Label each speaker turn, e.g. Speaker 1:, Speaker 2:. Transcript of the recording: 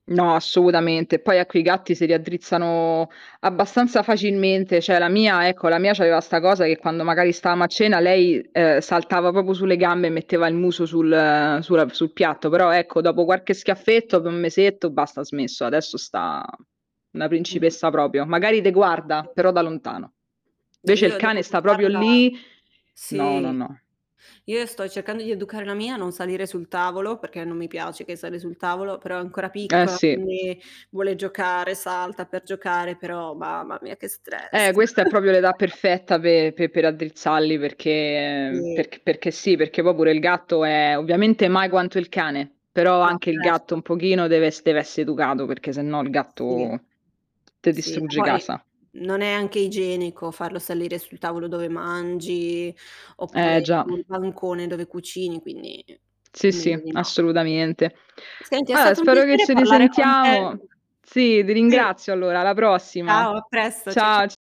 Speaker 1: No, assolutamente. Poi a quei gatti si raddrizzano abbastanza facilmente, cioè, la mia ecco, la mia c'aveva sta cosa, che quando magari stavamo a cena lei, ehm, saltava proprio sulle gambe e metteva il muso sul sulla sul piatto. Però, ecco, dopo qualche schiaffetto, dopo un mesetto, basta, ha smesso. Adesso sta una
Speaker 2: [unintelligible]
Speaker 1: principessa proprio. Magari te
Speaker 2: Si.
Speaker 1: guarda, però da lontano.
Speaker 2: Beh,
Speaker 1: Invece il
Speaker 2: io devo
Speaker 1: cane sta proprio
Speaker 2: educarla
Speaker 1: lì no, no,
Speaker 2: sì,
Speaker 1: no.
Speaker 2: io sto cercando di educare la mia a non salire sul tavolo, perché non mi piace che sali sul tavolo, però è ancora
Speaker 1: Eh,
Speaker 2: piccola
Speaker 1: sì.
Speaker 2: quindi vuole giocare, salta per giocare. Però, mamma mia, che stress.
Speaker 1: Eh, questa è proprio l'età perfetta pe pe per raddrizzarli perché
Speaker 2: Sì.
Speaker 1: perché perché sì, perché poi pure il gatto è ovviamente mai quanto il cane, però
Speaker 2: No,
Speaker 1: anche il gatto
Speaker 2: certo.
Speaker 1: un pochino deve es deve esse educato, perché sennò il
Speaker 2: Sì,
Speaker 1: gatto te
Speaker 2: sì.
Speaker 1: distrugge
Speaker 2: Poi
Speaker 1: casa.
Speaker 2: non è anche igienico farlo salire sul tavolo dove mangi,
Speaker 1: Eh,
Speaker 2: oppure
Speaker 1: già.
Speaker 2: sul bancone dove cucini. Quindi
Speaker 1: Sì, sì,
Speaker 2: meglio di no.
Speaker 1: assolutamente.
Speaker 2: Senti è
Speaker 1: Allora,
Speaker 2: stato un
Speaker 1: spero che
Speaker 2: piacere
Speaker 1: ci
Speaker 2: parlare con te.
Speaker 1: risentiamo. Sì, ti
Speaker 2: Sì.
Speaker 1: ringrazio allora, alla prossima.
Speaker 2: Ciao a presto. Cia cia
Speaker 1: Ciao, c